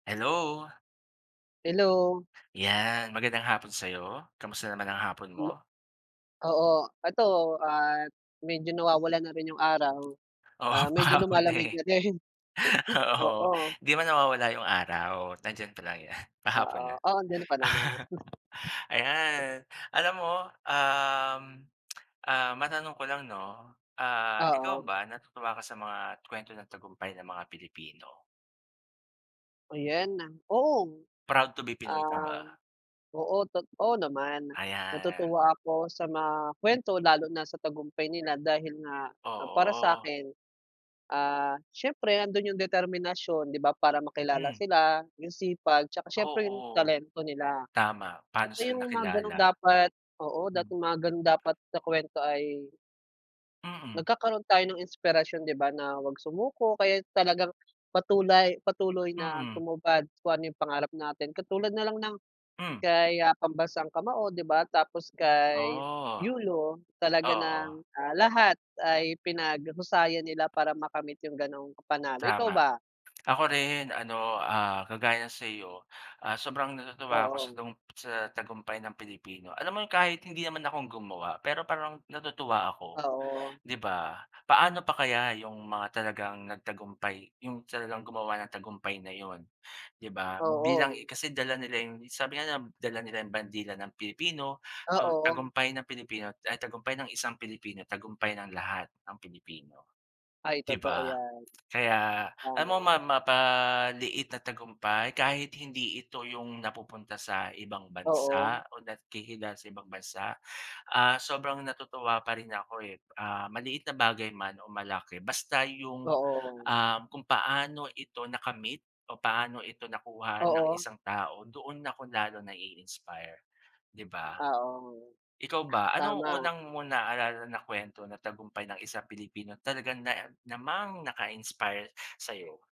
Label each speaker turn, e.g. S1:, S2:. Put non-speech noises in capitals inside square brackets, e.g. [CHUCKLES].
S1: Hello!
S2: Hello!
S1: Yan, magandang hapon sa'yo, kamusta naman ang hapon
S2: Hmm.
S1: mo?
S2: Oo, ito at medyo [COUGHS] nawawalan na rin yung araw,
S1: Oo,
S2: ah, medyo
S1: pahapon na,
S2: lumalamig
S1: eh.
S2: na din. [CHUCKLES]
S1: Oo,
S2: Oo.
S1: 'di man nawawala yung araw, nandiyan palagi yan, pahapon
S2: Oo,
S1: na.
S2: oo andiyan pa naman.
S1: [CHUCKLES]
S2: [CHUCKLES]
S1: Ayan! Alam mo, um, [TSK] ah, matanong ko lang 'no, ah, ikaw
S2: Oo.
S1: ba natutuwa ka sa mga kuwento ng tagumpay ng mga Pilipino?
S2: Ayan, oo.
S1: Proud to be Pinoy ka
S2: Ah,
S1: ba?
S2: oo tot oo naman.
S1: Ayan.
S2: Natutuwa ako sa mga kuwento lalo na sa tagumpay nila dahil nga para
S1: Oo.
S2: sa'kin, ah, siyempre nando'n yung determinasyon 'di ba, para makilala
S1: Hmm.
S2: sila. Yung sipag 'tsaka siyempre yung
S1: Oo.
S2: talento nila.
S1: Tama, paano
S2: Kasi
S1: sila
S2: yung mga gano'n
S1: nakilala.
S2: dapat, oo, dapat
S1: Hmm.
S2: mga ganon dapat sa kwento ay
S1: Mm.
S2: nagkakaroon tayo ng inspirasyon di ba, na wag sumuko kaya talagang patulay patuloy na
S1: Mm.
S2: tumupad kung ano yung pangarap natin. Katulad nalang
S1: Hmm.
S2: kay, ah, pambansang kamao, 'di ba? Tapos kay
S1: Ah,
S2: Yulo talaga ng,
S1: oo.
S2: ah, lahat ay pinaghusayan nila para makamit yung ganong panalo, ikaw
S1: Tama.
S2: ba?
S1: Ako rin, ano, ah, kagaya sa'yo, ah, sobrang natutuwa ako sa
S2: Oo.
S1: tagum sa tagumpay ng Pilipino. Alam mo yun kahit hindi naman ako ang gumawa pero parang natutuwa ako,
S2: Oo.
S1: 'di ba? Paano pa kaya yung mga talagang nagtagumpay yung talagang gumawa ng tagumpay na 'yon 'di ba? Bilang
S2: Oo.
S1: kasi dala nila yung sabi nga nila na dala nila yung bandila ng Pilipino so,
S2: Oo.
S1: tagumpay ng Pilipino ay, tagumpay ng isang Pilipino, tagumpay ng lahat ng Pilipino,
S2: Ay,
S1: 'di
S2: totoo
S1: ba?
S2: yan.
S1: Kaya, ano ma
S2: Tama.
S1: mapaliit na tagumpay kahit hindi ito yung napupunta sa ibang
S2: Oo.
S1: bansa o nakikilala sa ibang bansa, ah, sobrang natutuwa pa rin ako, eh, ah, maliit na bagay man o malaki basta yung,
S2: Oo.
S1: ah, kung paano ito nakamit o paano ito nakuha ng
S2: Oo.
S1: isang tao doon ako lalo nai-inspire, 'di ba?
S2: Oo,
S1: Ikaw ba anong
S2: tama.
S1: unang mo naalala na kuwento na tagumpay ng isang Pilipino na talagang na namang naka-inspire sa'yo?